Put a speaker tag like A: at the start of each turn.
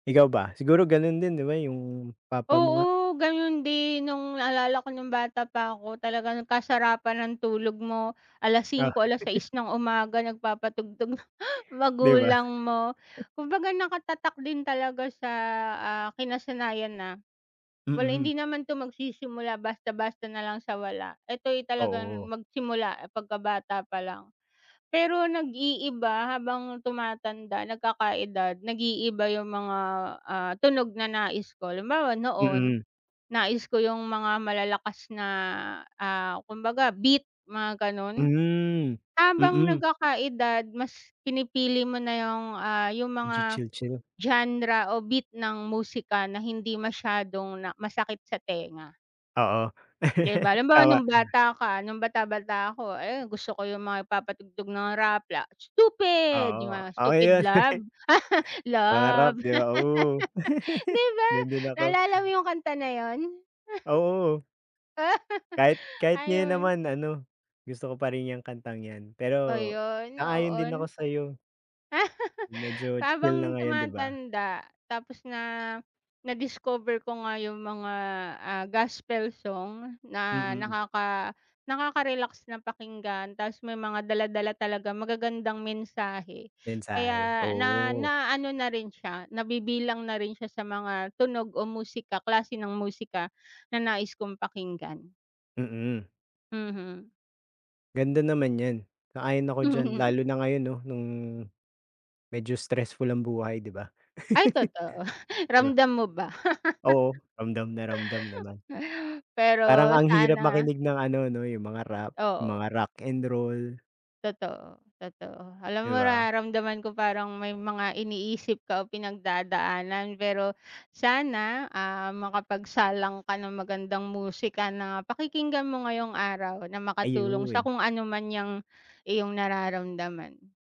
A: Ikaw ba? Siguro gano'n din, 'di ba, 'yong papa mo nga.
B: Oo, gano'n din no'ng naalala ko no'ng bata pa ako. Talagang kasarapan ng tulog mo.
A: Ah.
B: Alas-singko, alas-sais ng umaga, nagpapatugtog na
A: Di ba?
B: magulang mo. Kumbaga, nakatatak din talaga sa, ah kinasanayan na wala
A: Mm.
B: hindi naman to magsisimula basta-basta na lang sa wala. Ito'y talagang
A: Oo.
B: magsimula pagkabata pa lang. Pero nag-iiba habang tumatanda, nagkaka-edad, nag-iiba 'yong mga, ah, tunog na nais ko. Halimbawa noon,
A: Mm.
B: nais ko 'yong mga malalakas na, ah, kumbaga beat, mga ganon.
A: Hmm.
B: Habang
A: Mm.
B: nagkakaedad, mas pinipili mo na 'yong ah, 'yong mga
A: Medyo chill chill.
B: genre, o beat, ng musika na hindi masyadong na masakit sa tenga.
A: Oo.
B: Di ba? Halimbawa
A: Tama,
B: no'ng
A: ah.
B: bata ka no'ng bata-bata ako. Ayon gusto ko 'yong mga nagpapatugtog ng rap la Stupid 'yong
A: Oo,
B: mga
A: oh
B: Stupid
A: 'yon.,
B: Love.
A: Pangarap,
B: Love.
A: 'di ba? Oh.
B: 'Di ba?
A: Gano'n din ako.
B: Naalala mo 'yong kanta na 'yon?
A: Oo. Kahit kahit ngayon
B: Ayon.
A: naman, ano, gusto ko pa rin 'yong kantang 'yan. Pero
B: Ayun
A: sang-ayon din ako
B: noon.
A: sa'yo. Medyo, chill na
B: Habang
A: ngayon, 'di ba?
B: tumatanda, tapos na na-discover ko nga 'yong mga, ah, gospel song na
A: Mm.
B: nakaka nakaka-relax na pakinggan. Tapos may mga dala-dala talagang magagandang mensahe.
A: Mensahe,
B: Kaya, na
A: oo.
B: naano na rin siya, nabibilang na rin siya sa mga tunog o musika, klase ng musika na nais kong pakinggan.
A: Mm.
B: Mhm.
A: Ganda naman 'yan. Sang-ayon ako diyan. Lalo na ngayon 'no? No'ng medyo stressful ang buhay, 'di ba?
B: Ay, totoo,
A: 'Di ba?
B: ramdam mo ba?
A: Oo. Ramdam na ramdam naman. Parang
B: Pero
A: ang hirap
B: sana.
A: makinig ng ano, no, 'yong mga rap,
B: Oo.
A: mga rock and roll.
B: Totoo. Totoo. Alam
A: Di
B: mo
A: 'ba?
B: nararamdaman ko parang may mga iniisip ka, o pinagdadaanan. Pero sana, ah, makapagsalang ka ng magandang musika na pakikinggan mo ngayong araw, na makatulong sa
A: Ayon.
B: kung ano man 'yang iyong nararamdaman.